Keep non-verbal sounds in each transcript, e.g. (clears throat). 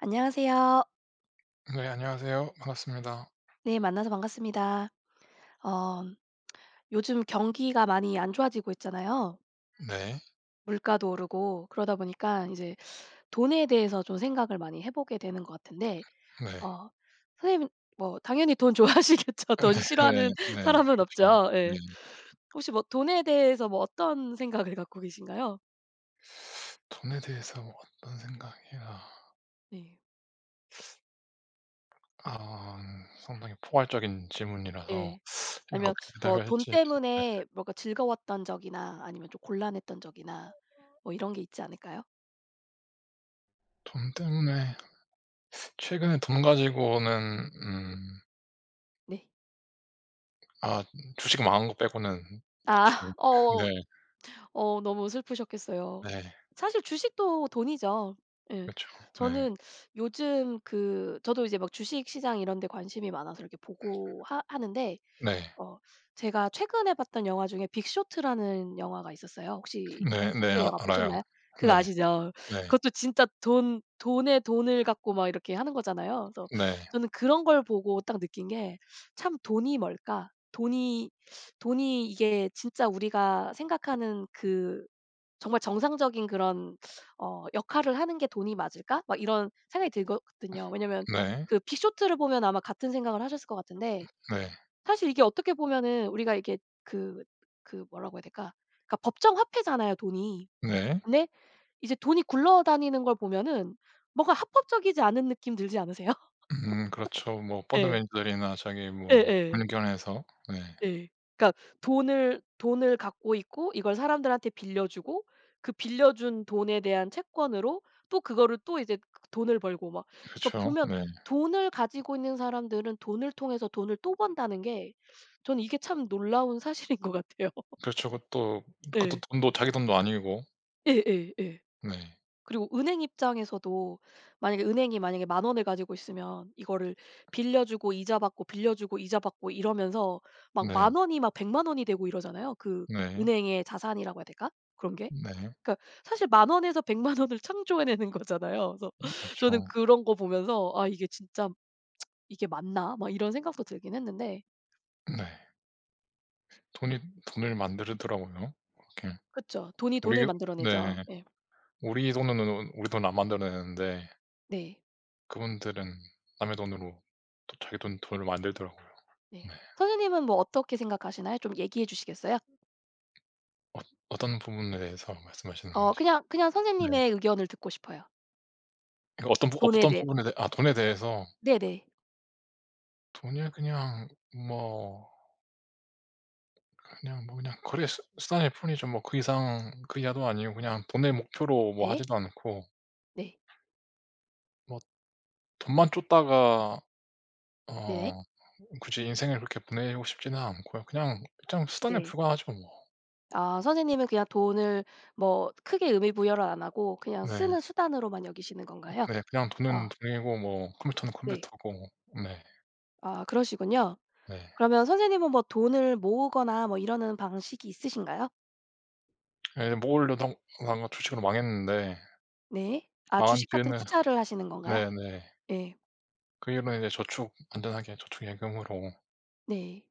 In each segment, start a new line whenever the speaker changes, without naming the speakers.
안녕하세요.
네 안녕하세요. 반갑습니다.
네 만나서 반갑습니다. 어 (smacks lips) 요즘 경기가 많이 안 좋아지고 있잖아요.
네.
물가도 오르고 그러다 보니까 이제 돈에 대해서 좀 생각을 많이 해 보게 되는 것 같은데
네.
어 선생님은 뭐 당연히 돈 좋아하시겠죠?
아
돈
네네
싫어하는
네.
사람은
그렇죠.
없죠. 예.
네.
혹시 뭐 돈에 대해서 뭐 어떤 생각을 갖고 계신가요?
(sucks teeth) 돈에 대해서 어떤 생각이라.
네.
(sucks teeth) 아 상당히 포괄적인 질문이라서
예.
(sucks teeth)
아니면
어떻게
뭐
대답을
돈
할지. 네.
때문에 뭔가 즐거웠던 적이나 아니면 좀 곤란했던 적이나 뭐 이런 게 있지 않을까요?
돈 때문에 (sucks teeth) 최근에 돈 가지고는 음
네.
아 주식 망한 것 빼고는 딱히
아 어
네.
어 너무 슬프셨겠어요.
네.
사실 주식도 돈이죠. 예
그렇죠. 네.
저는 요즘 그 저도 이제 막 주식시장 이런 데 관심이 많아서 이렇게 보고 하 하는데
네.
어 제가 최근에 봤던 영화 중에 빅쇼트라는 영화가 있었어요. 혹시 빅쇼트
네네
영화
알아요.
보셨나요? 그
네.
아시죠.
네.
그것도 진짜 돈 돈의 돈을 갖고 막 이렇게 하는 거잖아요. 그래서
네.
저는 그런 걸 보고 딱 느낀 게 참 '돈이 뭘까? 돈이 돈이 이게 진짜 우리가 생각하는 그 정말 정상적인 그런 어 역할을 하는 게 돈이 맞을까?' 막 이런 생각이 들거든요. 왜냐하면
네.
그 빅쇼트를 보면 아마 같은 생각을 하셨을 것 같은데
네.
사실 이게 어떻게 보면은 우리가 이렇게 그 그 뭐라고 해야 될까 그러니까 법정화폐잖아요 돈이.
네.
근데 이제 돈이 굴러다니는 걸 보면은 뭔가 합법적이지 않은 느낌 들지 않으세요? (laughs)
음 그렇죠 뭐 펀드
네.
매니저들이나 저기 뭐
예예.
금융 기관에서 네.
예. 그러니까 돈을 돈을 갖고 있고 이걸 사람들한테 빌려주고 그 빌려준 돈에 대한 채권으로 또 그거를 또 이제 그 돈을 벌고 막 그니까
그렇죠.
보면
네.
돈을 가지고 있는 사람들은 돈을 통해서 돈을 또 번다는 게 저는 이게 참 놀라운 사실인 것 같아요.
그렇죠. 그것도 그것도
예.
돈도 자기 돈도 아니고.
예예예.
네.
그리고 은행 입장에서도 만약에 은행이 만약에 10,000 원을 가지고 있으면 이거를 빌려주고 이자 받고 빌려주고 이자 받고 이러면서 막
네.
10,000 원이 막 1,000,000 원이 되고 이러잖아요. 그
네.
은행의 자산이라고 해야 될까? 그런 게?
네.
그니까 사실 10,000 원에서 1,000,000 원을 창조해내는 거잖아요. 그래서 저는
그렇죠.
그런 거 보면서 '아 이게 진짜 (tsk) 이게 맞나?' 막 이런 생각도 들긴 했는데.
네. 돈이 돈을 만들더라고요. 그렇게
그쵸. 돈이
우리
돈을 만들어 내죠.
네
예.
우리 돈으로는 우리 돈은 안 만드는데
네.
그분들은 남의 돈으로 또 자기 돈 돈을 만들더라고요.
네.
네.
선생님은 뭐 어떻게 생각하시나요? 좀 얘기해 주시겠어요?
어 어떤 부분에서 말씀하시는
어
건지?
그냥 그냥
네.
선생님의 의견을 듣고 싶어요.
그 어떤
돈에
어떤
대해.
부분에서 아 돈에 대해서.
네네.
돈을 그냥 뭐 그냥 뭐 그냥 거래 수 수단일 뿐이죠. 뭐 그 이상 그 이하도 아니고 그냥 돈을 목표로 뭐
네.
하지도 않고.
네.
뭐 돈만 좇다가
네.
어 굳이 인생을 그렇게 보내고 싶지는 않고요. 그냥, 그냥 수단에
네.
불과하죠 뭐.
아 선생님은 그냥 돈을 뭐 크게 의미 부여를 안 하고 그냥
네.
쓰는 수단으로만 여기시는
음
건가요?
네. 그냥
어.
돈은 돈이고 뭐 컴퓨터는
네.
컴퓨터고 네.
아 그러시군요.
네.
그러면 선생님은 뭐 돈을 모으거나 뭐 이러는 방식이 있으신가요?
예 뭘 넣어도 망한 주식으로 망했는데
네. 아
망한
주식 같은
뒤에는
투자를 하시는 건가요?
네네.
예.
그 일만 이제 저축 안전하게 저축, 예금으로
네.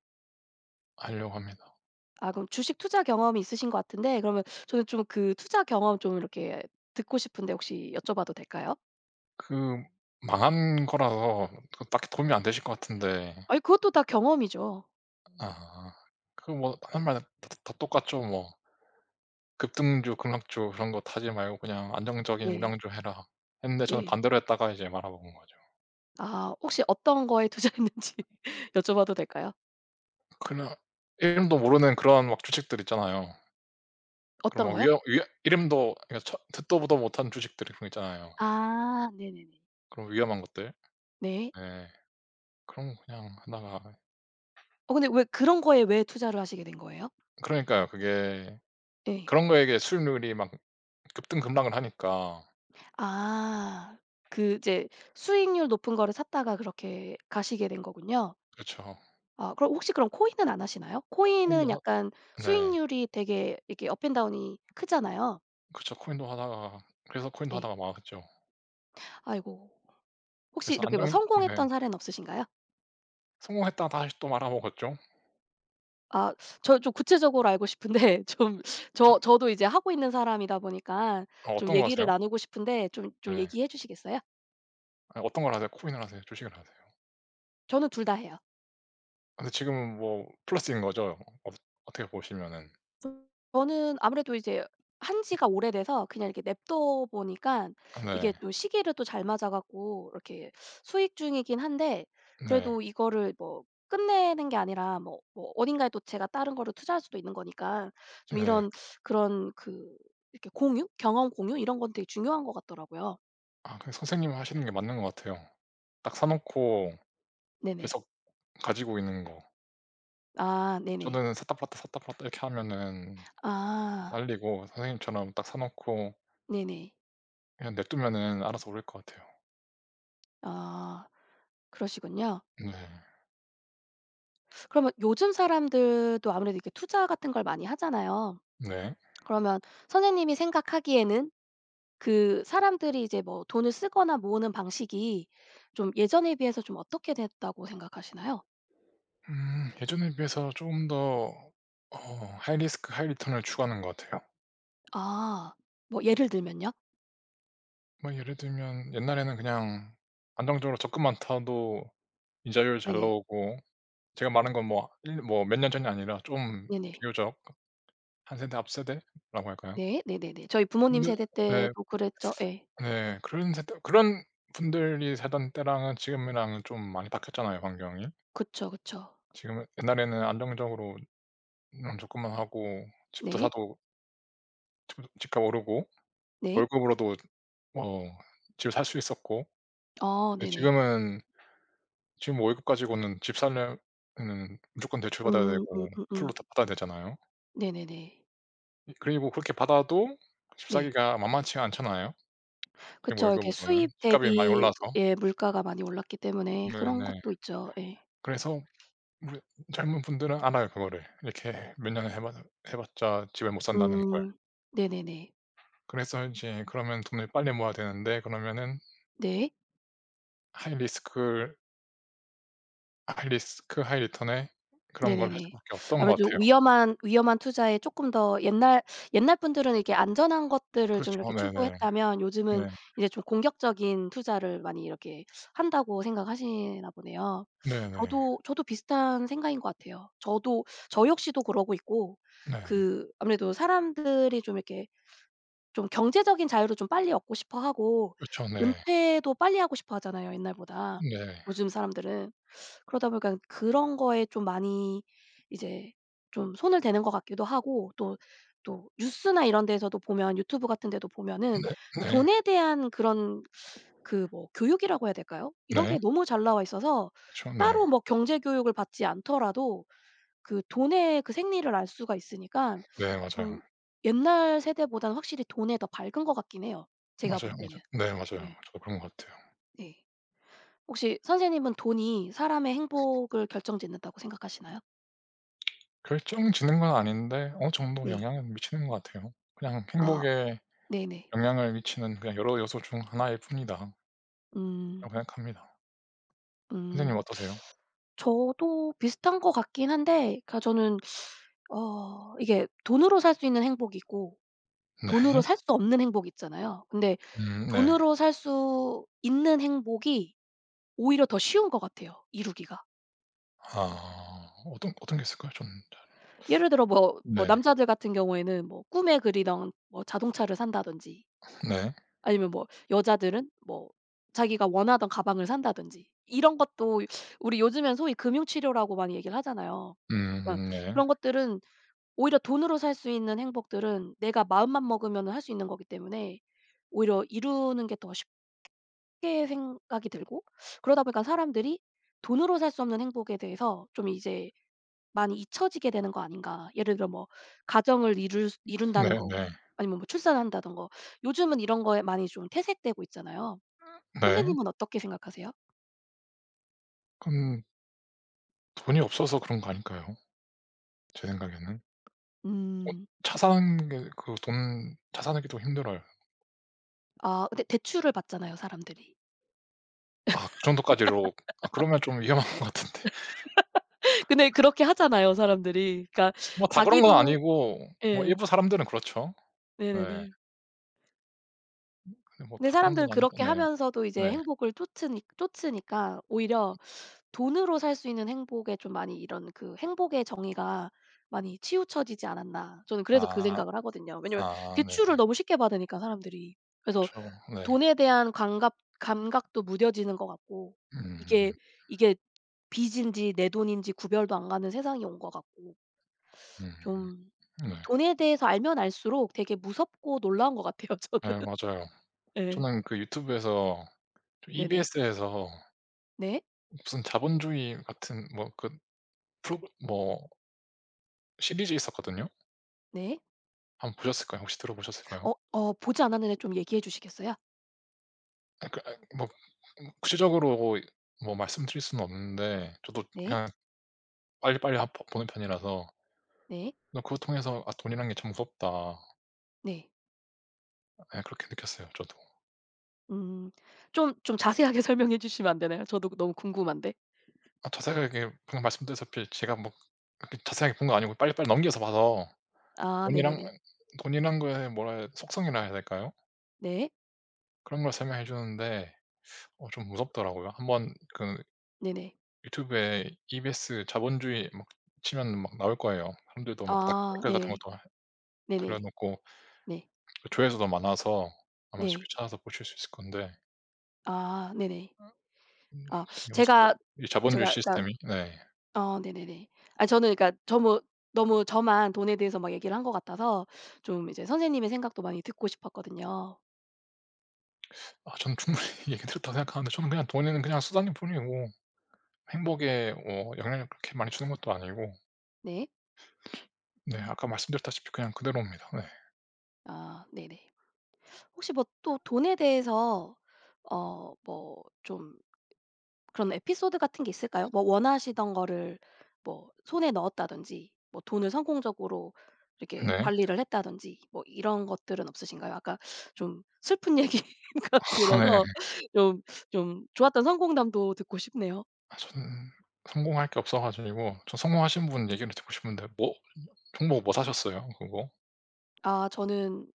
하려고 합니다.
아 그럼 주식투자 경험이 있으신 것 같은데 그러면 저는 좀 그 투자 경험 좀 이렇게 듣고 싶은데 혹시 여쭤봐도 될까요?
그 망한 거라서 그 딱히 도움이 안 되실 것 같은데
아이 그것도 다 경험이죠.
아. 그 뭐 사람마다 다 다 다 똑같죠 뭐. "급등주, 급락주 그런 것 하지 말고 그냥 안정적인
네.
우량주 해라." 근데 저는
네.
반대로 했다가 이제 말아먹은 거죠.
아 혹시 어떤 거에 투자했는지 여쭤봐도 될까요?
그냥 이름도 모르는 그러한 막 주식들 있잖아요. 그런
어떤
막
거요?
위험 위험 이름도 아 그냥 처 듣도 보도 못한 주식들이 분명 있잖아요.
아 네네네.
그런 위험한 것들?
네.
예. 그런 거 그냥 하다가
어 근데 왜 그런 거에 왜 투자를 하시게 된 거예요?
그러니까요. 그게
예.
그런 거에게 수익률이 막 급등 급락을 하니까.
아. 그 이제 수익률 높은 거를 샀다가 그렇게 가시게 된 거군요.
그쵸.
아 그럼 혹시 그럼 코인은 안 하시나요?
코인도
코인은
하
약간
네.
수익률이 되게 이렇게 업앤다운이 크잖아요.
그쵸 코인도 하다가 그래서 코인도
네.
하다가 망했죠.
아이고. 혹시
그래서
이렇게
안정
뭐
네.
성공했던 사례는 없으신가요?
성공했다가 다시 또 말아 먹었죠.
아 저는 좀 구체적으로 알고 싶은데 좀
아.
저 저도 이제 하고 있는 사람이다 보니까
아
좀
어떤 거
얘기를
하세요?
나누고 싶은데 좀, 좀
네.
얘기해 주시겠어요?
아니 어떤 걸 하세요? 코인을 하세요? 주식을 하세요?
저는 2 다 해요.
아 근데 지금은 뭐 플러스인 거죠? 어 어떻게 보시면은?
저는 아무래도 이제 한 지가 오래돼서 그냥 이렇게 내버려 둬 보니까 이게
네.
또 시기를 또 잘 맞아 갖고 이렇게 수익 중이긴 한데
네.
그래도 이거를 뭐 끝내는 게 아니라 뭐, 뭐 어딘가에 또 제가 다른 거를 투자할 수도 있는 거니까 좀
네.
이런 그런 그 이렇게 공유? 경험 공유? 이런 건 되게 중요한 것 같더라고요.
아 그냥 선생님이 하시는 게 맞는 것 같아요. 딱 사 놓고
네네.
계속 가지고 있는 거.
아 네네.
저는 샀다 팔았다, 샀다 팔았다 이렇게 하면은
아.
말리고 선생님처럼 딱 사 놓고
네네.
그냥 내버려두면은 알아서 오를 것 같아요.
아 그러시군요.
네.
(sucks teeth) 그러면 요즘 사람들도 아무래도 이렇게 투자 같은 걸 많이 하잖아요.
네.
그러면 선생님이 생각하기에는 그 사람들이 이제 뭐 돈을 쓰거나 모으는 방식이 좀 예전에 비해서 좀 어떻게 됐다고 생각하시나요?
음 예전에 비해서 좀 더 어 하이 리스크 하이 리턴을 추구하는 것 같아요.
아. 뭐 예를 들면요?
뭐 예를 들면 옛날에는 그냥 안정적으로 적금만 타도 이자율 잘
네네.
나오고 제가 말한 건 뭐 1 년 뭐 몇 년 전이 아니라 좀
네네.
비교적 1 세대 앞 세대라고 할까요.
네. 네네네. 저희 부모님
근데
세대
네.
때도 그랬죠. 예.
(sucks teeth) 네. 그런 세대 그런 분들이 살던 때랑은 지금이랑은 좀 많이 바뀌었잖아요 환경이.
그쵸, 그쵸.
지금은 옛날에는 안정적으로 그냥 적금만 하고 집도
네.
사도 집도 집값 오르고
네.
월급으로도 어 집을 살 수 있었고.
아
네
네네.
지금은 지금 월급 가지고는 집 사면은 무조건 대출받아야
음.
되고 풀로
음음음.
다 받아야 되잖아요.
네네네.
이 그리고 그렇게 받아도 집
네.
사기가 만만치가 않잖아요 그냥
그쵸. 이렇게
월급으로는.
수입
집값이 많이
대비의
올라서.
물가가 많이 올랐기 때문에 그런
네네.
것도 있죠. 예.
그래서 물론 젊은 분들은 알아요 그거를. 이렇게 몇 년을 해 봐 해 봤자 집을 못 산다는 걸.
음. 네네네.
그래서 이제 그러면 돈을 빨리 모아야 되는데. 그러면은
네.
하이 리스크를 하이 리스크 하이 리턴에 그런 걸 할
네네네.
수밖에
(sucks teeth)
없던 것
아무래도
같아요.
위험한, 위험한 투자에 쪼끔 더 옛날, 옛날 분들은 이렇게 안전한 것들을 좀
그렇죠.
이렇게
네네.
추구했다면 요즘은
네.
이제 좀 공격적인 투자를 많이 이렇게 한다고 생각하시나 보네요.
네네.
저도, 저도 비슷한 생각인 것 같아요. 저도 저 역시도 그러고 있고
네.
그 아무래도 사람들이 좀 이렇게 좀 경제적인 자유를 좀 빨리 얻고 싶어 하고
그쵸 네.
은퇴도 빨리 하고 싶어 하잖아요 옛날보다
네.
요즘 사람들은. 그러다 보니까는 그런 거에 좀 많이 이제 좀 손을 대는 것 같기도 하고 또, 또 뉴스나 이런 데에서도 보면 유튜브 같은 데도 보면은
네네.
돈에 대한 그런 그 뭐 교육이라고 해야 될까요? 이런
네.
게 너무 잘 나와 있어서
그쵸 네.
따로 뭐 경제 교육을 받지 않더라도 그 돈의 그 생리를 알 수가 있으니까
네
음
맞아요.
옛날 세대보단 확실히 돈에 더 밝은 것 같긴 해요 제가 볼
맞아요,
때는.
맞아. 네 맞아요.
예.
저도 그런 것 같아요.
네. 혹시 선생님은 돈이 사람의 행복을 결정짓는다고 생각하시나요?
결정짓는 건 아닌데 어느 정도
네.
영향을 미치는 것 같아요. 그냥
아.
행복에
네네.
영향을 미치는 그냥 여러 요소 중 하나일 뿐이다.
음.
생각합니다. 선생님은
음.
어떠세요?
(sucks teeth) 저도 비슷한 것 같긴 한데 그냥 저는 (sucks teeth) 어 이게 돈으로 살 수 있는 행복이 있고 돈으로
네.
살 수 없는 행복 있잖아요. 근데
음 네.
돈으로 살 수 있는 행복이 오히려 더 쉬운 것 같아요 이루기가.
아 어떤, 어떤 게 있을까요? 저는 잘
예를 들어
(sucks teeth)
뭐, 뭐
네.
남자들 같은 경우에는 뭐 꿈에 그리던 뭐 자동차를 산다든지
네.
아니면 뭐 여자들은 뭐 자기가 원하던 가방을 산다든지 이런 것도 우리 요즘엔 소위 금융 치료라고 많이 얘기를 하잖아요. 예
음 네.
그런 것들은 오히려 돈으로 살 수 있는 행복들은 내가 마음만 먹으면은 할 수 있는 거기 때문에 오히려 이루는 게 더 쉽게 생각이 들고 그러다 보니까 사람들이 돈으로 살 수 없는 행복에 대해서 좀 이제 많이 잊혀지게 되는 거 아닌가. 예를 들어 뭐 가정을 이룰 수
음
이룬다는 거
네네.
아니면 뭐 출산한다는 거. 요즘은 이런 거에 많이 좀 퇴색되고 있잖아요.
음 네.
선생님은 어떻게 생각하세요?
음. 돈이 없어서 그런 거 아닌가요, 제 생각에는? 어
음.
차 산 게 그 돈 차 사는 게 좀 힘들어요.
아 대 대출을 받잖아요 사람들이.
아 그 정도까지로 아 그러면 좀 위험한 것 같은데.
(laughs) 근데 그렇게 하잖아요 사람들이. 그러니까
뭐 다 그런 건
자기도
아니고 뭐
예.
일부 사람들은 그렇죠. 네.
네네네.
음 아니 뭐
근데
다 그런 건
사람들은
아니고
그렇게
네.
하면서도 이제
네.
행복을 좇으니 좇으니까
음.
오히려 돈으로 살 수 있는 행복에 좀 많이 이런 그 행복의 정의가 많이 치우쳐지지 않았나. 저는 그래서 그
아.
생각을 하거든요 왜냐하면
아
대출을
네네.
너무 쉽게 받으니까 사람들이. 그래서
그쵸 네.
돈에 대한 강갑 감각도 무뎌지는 것 같고 이게
음.
이게 빚인지 내 돈인지 구별도 안 가는 세상이 온 것 같고.
음.
(sucks teeth) 좀
네.
돈에 대해서 알면 알수록 되게 무섭고 놀라운 것 같아요 저는.
예 맞아요.
예.
저는 그 유튜브에서 좀
네네.
EBS에서
네.
무슨 자본주의 같은 뭐 그 프로그 뭐 시리즈 있었거든요?
네.
1 번 보셨을까요? 혹시 들어 보셨을까요?
어 어. 보지 않았는데 좀 얘기해 주시겠어요?
아 그러니까 뭐 음 구체적으로 어 이 뭐 말씀드릴 수는 없는데 저도
네.
그냥 빨리빨리 합 보 보는 편이라서
네.
어 그걸 통해서 '아 돈이란 게 참 무섭다.'
네.
예 그렇게 느꼈어요 저도.
음. 좀 좀 자세하게 설명해 주시면 안 되나요? 저도 너무 궁금한데?
아 자세하게 방금 말씀드렸다시피 제가 뭐 그렇게 자세하게 본 거 아니고 빨리빨리 넘겨서 봐서
아
돈이란
네네네.
돈이라는 거의 뭐라 속성이라 해야 될까요?
네.
그런 걸 설명해 주는데 (sucks teeth) 어 좀 무섭더라고요. 1 번 그
네네.
유튜브에 EBS 자본주의 막 치면 막 나올 거예요. 사람들도 막 닥
아
댓글 같은
네.
것도 달아
네네.
놓고
네.
그 조회수도 많아서 아마 쉽게
네.
찾아서 보실 수 있을 건데
아 네네.
음 음
아 제가
(unintelligible) 이 자본주의
제가 그러니까
시스템이 네.
아 네네네. 아 저는 그러니까 저무 너무 저만 돈에 대해서 막 얘기를 한 것 같아서 좀 이제 선생님의 생각도 많이 듣고 싶었거든요.
아 전 충분히 얘기 드렸다고 생각하는데 저는 그냥 돈은 그냥 수단일 뿐이고 행복에 어 영향을 그렇게 많이 주는 것도 아니고
네.
(sniffs) 네 아까 말씀드렸다시피 그냥 그대로입니다. 네.
아 네네. 혹시 뭐 또 돈에 대해서 어 뭐 좀 그런 에피소드 같은 게 있을까요? 뭐 원하시던 거를 뭐 손에 넣었다든지 뭐 돈을 성공적으로 이렇게
네.
관리를 했다든지 뭐 이런 것들은 없으신가요? 아까 좀 슬픈 얘기가
(laughs) 네.
들어서 좀 좀 좋았던 성공담도 듣고 싶네요.
아 전 성공할 게 없어 가지고 저 성공하신 분 얘기를 듣고 싶은데 뭐 종목 뭐 사셨어요, 그거?
아 저는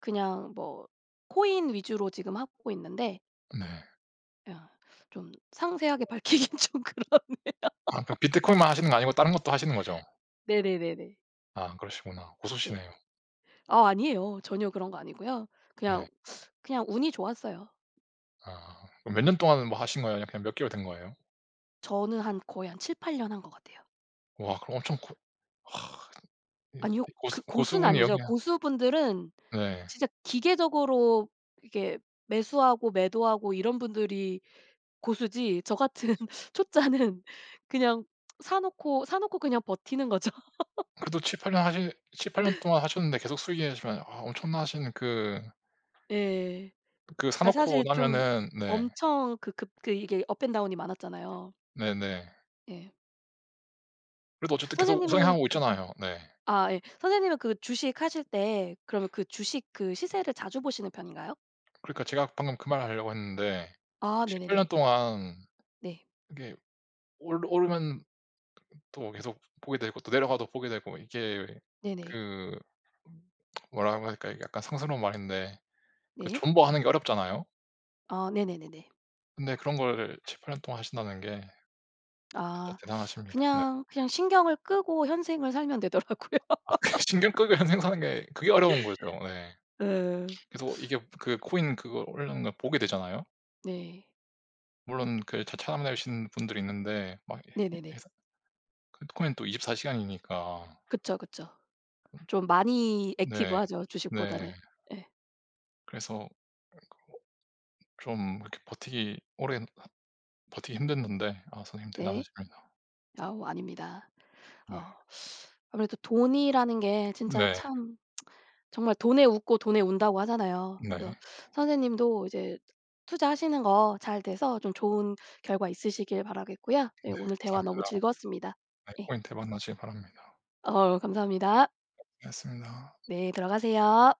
그냥 뭐 코인 위주로 지금 하고 있는데
네.
야 좀 상세하게 밝히긴 좀 그러네요.
아 그럼 비트코인만 하시는 거 아니고 다른 것도 하시는 거죠?
네네네네.
아 그러시구나.
네.
고수시네요.
아 아니에요. 전혀 그런 거 아니고요. 그냥
네.
그냥 운이 좋았어요.
아 그럼 몇 년
네.
동안 뭐 하신 거예요? 그냥 몇 개월 된 거예요?
저는 한 거의 한 7-8 년 한 것 같아요.
와 그럼 엄청 코 와 이
아니요.
이
그
고수 고수
고수는
분이
아니죠.
여기에
고수분들은
네.
진짜 기계적으로 이렇게 매수하고 매도하고 이런 분들이 고수지 저 같은 초짜는 그냥 사 놓고 사 놓고 그냥 버티는 거죠.
그래도
(laughs)
7-8 년 하시 7-8 년 동안 하셨는데 계속 수익이시면 아 엄청나신 그
예.
그 사
그러니까
놓고
사실 좀
나면은 네.
엄청 그 급 그 이게 업 앤 다운이 많았잖아요.
네네.
예.
그래도 어쨌든 계속
선생님은
우상향하고
그
있잖아요. 네.
아 예 선생님은 그 주식 하실 때 그러면 그 주식 그 시세를 자주 보시는 편인가요?
그러니까 제가 방금 그 말하려고 했는데
아
7-8 년
네네네.
동안
네.
이게 올 오르 또 계속 보게 되고 또 내려가도 보게 되고 이게
네네.
그 뭐라고 해야 할까? 이게 약간 상스러운 말인데 그
네.
존버하는 게 어렵잖아요?
아 네네네네.
근데 그런 걸 7-8 년 동안 하신다는 게 진짜
아
대단하십니다 네.
그냥, 그냥 신경을 끄고 현생을 살면 되더라고요.
아 그 신경 끄고
(laughs)
현생 사는 게 그게 어려운 거죠. 예.
예.
계속 이게 그 코인 그거 올랐나 보게 되잖아요?
네.
물론 그 차 참아내신 분들이 있는데 막 이 이
네네네.
해서 비트코인은 또 24 시간이니까.
그쵸, 그쵸.
(clears throat)
좀 많이 액티브
네.
하죠
네.
주식보다는. 예.
그래서 (unintelligible) 좀 이렇게 버티기 오랜 버티기 힘든 건데 아 선생님
네.
대단하십니다.
아우 아닙니다.
네.
어 아무래도 돈이라는 게 진짜
네.
참 (smacks lips) 정말 "돈에 웃고 돈에 운다."고 하잖아요. 그래서
네.
선생님도 이제 투자하시는 거 잘 돼서 좀 좋은 결과 있으시길 바라겠고요. 네
네
오늘 대화 너무
감사합니다.
즐거웠습니다.
네
예.
코인 대박 나시길 바랍니다.
어우 감사합니다.
했습니다.
네 들어가세요.